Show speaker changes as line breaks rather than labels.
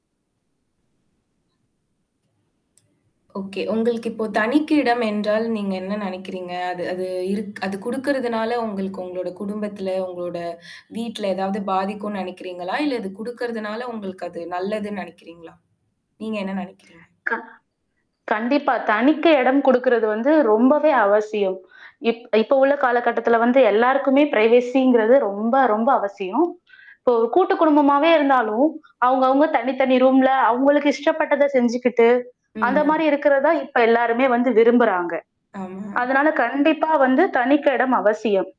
Okay. உங்களுக்கு, இப்போ தனிக்க இடம் என்றால், நீங்க என்ன நெனைக்கிறீங்க? அது அது இருக் அது குடுக்கறதுனால உங்களுக்கு உங்களோட குடும்பத்தில, உங்களோட வீட்ல எதாவது பாதிக்கும்னு நெனைக்கிறீங்களா? இல்ல, அது குடுக்கறதுனால, உங்களுக்கு அது நல்லதுன்னு நெனைக்கிறீங்களா? நீங்க என்ன நெனைக்கிறீங்க?
க கண்டிப்பா. தனித்து இடம் குடுக்குறது வந்து, ரொம்பவே அவசியம். இப் இப்போ உள்ள காலகட்டத்தில வந்து, எல்லாருக்குமே ப்ரைவேசிங்கிறது ரொம்ப, ரொம்ப அவசியம். இப்போ ஒரு கூட்டு குடும்பமாவே இருந்தாலும், அவங்க, அவங்க தனி, தனி ரூம்ல அவவுங்களுக்கு இஷ்டப்பட்டத செஞ்சுக்கிட்டு, அந்த
ம்.
மாரி இருக்கறதான் இப்ப எல்லாருமே வந்து விரும்புறாங்க.
ஆமா.
அதுனால, கண்டிப்பா வந்து தனிக்க இடம் அவசியம்.